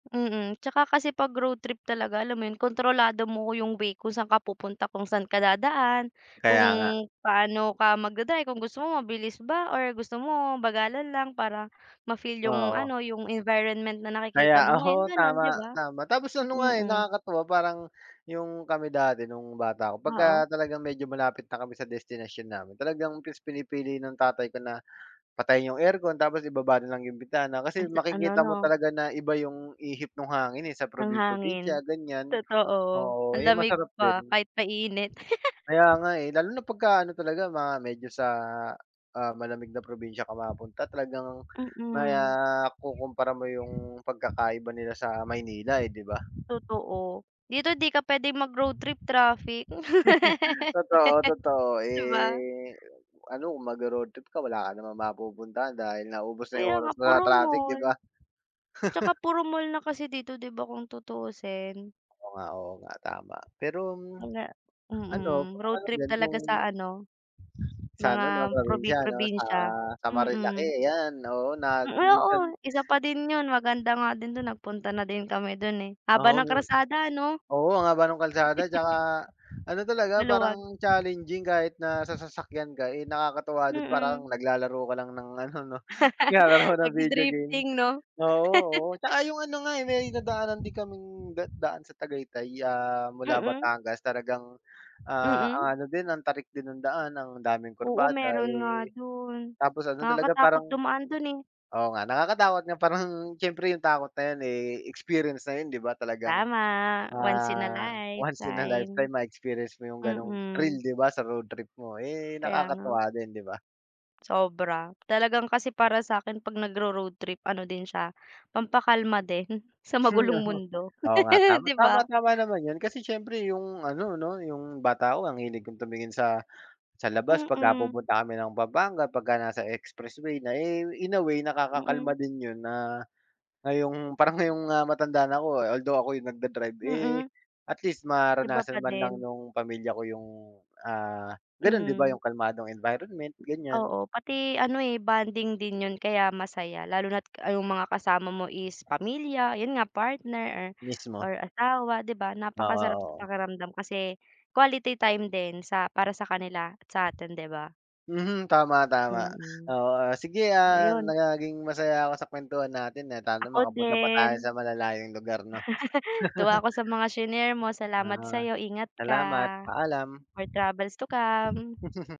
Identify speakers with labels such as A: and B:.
A: Mm, 'tsaka kasi 'pag road trip talaga alam mo 'yun, kontrolado mo 'yung way kung saan ka pupunta, kung saan ka dadaan, kung
B: Kaya nga.
A: paano ka mag-da-drive, kung gusto mo mabilis ba, or gusto mo bagalan lang para ma-feel
B: Ah,
A: 'yung
B: oo.
A: ano, 'yung environment na nakikita
B: Kaya
A: mo ngayon, 'yung
B: ako,
A: gano'n 'di
B: tama,
A: ba.
B: tama. Tapos ano nga eh,
A: Mm.
B: nakakatuwa, parang 'yung kami dati nung bata ako,
A: Oo.
B: pagka talagang medyo malapit na kami sa destinasyon namin, talagang mas pinipili ng tatay ko na patayin 'yung aircon, tapos ibaba na lang 'yung bintana,
A: Ang
B: kasi
A: sa ano
B: makikita mo
A: 'no.
B: talaga na iba 'yung ihip nung hangin eh, sa
A: Ang hangin,
B: probi-probinsya, ganiyan.
A: totoo.
B: Oo,
A: Ang
B: ayun
A: lamig
B: masarap
A: pa,
B: din.
A: kahit mainit.
B: Kaya nga eh, lalo na pagkaano talaga, mga medyo sa, ah, malamig na probinsya ka mapunta, talagang mai
A: Mm.
B: ah, kukumpara mo 'yung pagkakaiba nila sa Maynila eh, 'di ba.
A: Totoo, dito 'di ka puwedeng mag-road trip, traffic.
B: Totoo, totoo.
A: 'Di ba.
B: Eh, ano kung mag-ro-road trip ka wala ka namang mapupuntahan dahil naubos na 'yung
A: Kaya nga,
B: oras mo sa
A: puro
B: traffic 'di
A: mall.
B: ba.
A: At saka puro mall na kasi dito, 'di ba, kung tutuusin.
B: Oo nga, oo nga, tama. Pero,
A: Mga
B: ano
A: mm,
B: kung
A: road
B: ano
A: trip
B: din
A: talaga
B: kung
A: sa ano,
B: Sa ano 'no
A: mga
B: probinsya ano sa,
A: probi-probinsya,
B: sa
A: mm.
B: Marilaque, 'yan, oo na
A: Hmm, oo.
B: minsan
A: Isa pa din 'yun, maganda nga din dun, nagpunta na din kami dun eh. Haba
B: Oo,
A: ng
B: yun.
A: kalsada ano.
B: Oo ang haba nung kalsada, 'tsaka, ano talaga
A: Maluwag.
B: parang challenging kahit na sa sasakyan ka, eh nakakatuwa din parang
A: Mm.
B: naglalaro ka lang ng ano 'no, naglalaro ka ng video game.
A: Nag-di-drifting 'no.
B: Oo, oo. 'Tsaka 'yung ano nga eh, may nadaanan din kaming da daan sa Tagaytay, ah, mula
A: Mm.
B: Batangas talagang, ah,
A: Mm.
B: ang ano din ang tarik din ng daan, ang daming
A: Oo
B: kurbada
A: meron nga
B: eh,
A: dun,
B: tapos ano talagang
A: nakakatakot
B: parang
A: dumaan dun eh.
B: oo nga, nakakatakot nga parang siyempre 'yung takot na 'yan eh ,experience na 'yun 'di ba, talagang,
A: Tama, once in a
B: ah, once in a
A: lifetime.
B: lifetime ma-experience mo 'yung gano'ng thrill
A: Mm.
B: 'di ba sa road trip mo. Eh,
A: Kaya nga.
B: nakakatuwa din, 'di ba.
A: Sobra. Talagang kasi para sa'kin 'pag nagro-road trip ano din siya, pampakalma din, sa
B: Hmm,
A: magulong
B: oo.
A: mundo,
B: Oo nga. Tama,
A: 'di
B: tama,
A: ba.
B: tama naman 'yun. Kasi siyempre 'yung ano 'no, 'yung bata ako ang hilig kong tumingin sa sa labas 'pag, ah,
A: Mm.
B: pupunta kami ng Pampanga, pagka nasa expressway na, eh in a way, nakakakalma
A: Mm.
B: din 'yun, na ngayong parang ngayong, ah, matanda na ako, although ako yungnag-da-drive, eh
A: Mm.
B: at least
A: Iba
B: maranasan
A: pa
B: man lang
A: din.
B: nung pamilya ko 'yung, ah, ganun 'di ba
A: Mm.
B: 'yung kalmadong environment, ganiyan.
A: Oo. Pati ano eh, bonding din 'yun kaya masaya. Lalo na't 'yung mga kasama mo is pamilya, 'yun nga partner,
B: Mismo.
A: or asawa, 'di ba
B: Oo,
A: napakasarap sa
B: oo.
A: pakiramdam, kasi quality time din sa para sa kanila at sa atin 'di ba.
B: Mhm, tama, tama.
A: Mm.
B: Oo, ah, sige,
A: So
B: ah,
A: 'yon.
B: naging masaya ako sa kuwentuhan natin, at sana
A: Ako
B: makapunta pa tayo
A: din.
B: sa malalayong lugar 'no.
A: Natuwa ako sa mga shinare mo,
B: Na.
A: salamat sa'yo, ingat ka!
B: Salamat! Paalam!
A: More travels to come.